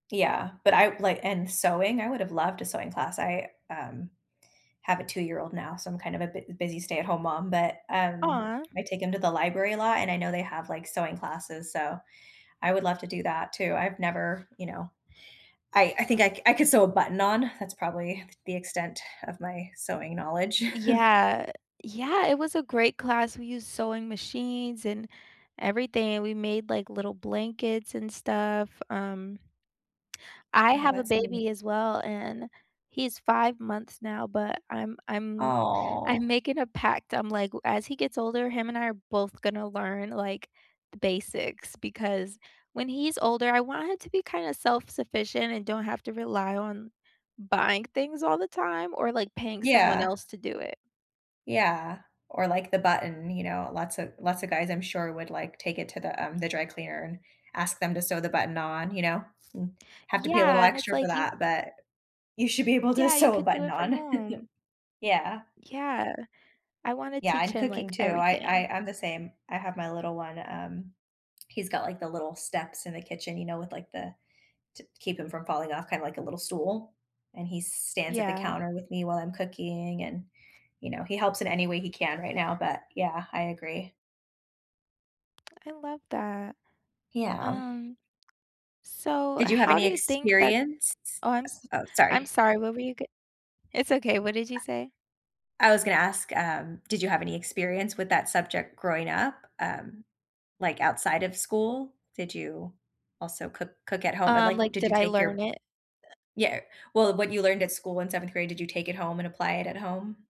Yeah, but I like, and sewing, I would have loved a sewing class. I, um, have a 2 year-old now, so I'm kind of a bu busy stay at home mom, but, um, Aw. I take him to the library a lot, and I know they have, like, sewing classes, so I would love to do that too. I've never, you know I I think I I could sew a button on, that's probably the extent of my sewing knowledge. Yeah, yeah, it was a great class, we used sewing machines and everything, we made, like, little blankets and stuff, um I Oh, have a that's neat baby as well, and he's 5 months now, but I'm I'm I'm Aw. making a pact, I'm like, "As he gets older, him and I are both gonna learn, like, the basics," because when he's older, I want him to be kinda self-sufficient and don't have to rely on buying things all the time or, like, paying someone Yeah. else to do it. Yeah, or, like, the button, you know, lots of lots of guys I'm sure would, like, take it to the, um, the dry cleaner and ask them to sew the button on, you know, and have to pay a little Yeah, and it's, extra for like, you that, but you should be able to Yeah, you sew a could do button it from on. home. Yeah. Yeah, I wanna Yeah, teach and him, cooking like, too, I I everything. I'm the same. I have my little one, um, he's got, like, the little steps in the kitchen, you know, with, like, the to keep him from falling off, kind of like a little stool, and he s stands at the Yeah. counter with me while I'm cooking and, you know, he helps in any way he can right now, but yeah, I agree. I love that, Yeah. um, so Did you have how do any you think that experience? oh I'm s U oh, I'm sorry. sorry, what were you g it's okay, what did you say? I was gonna ask, um, did you have any experience with that subject growing up, um, like, outside of school? Did you also cook cook at home, and, Um, like, like, did did you I take your learn it? yeah, well, what you learned at school in 7th grade, did you take it home and apply it at home?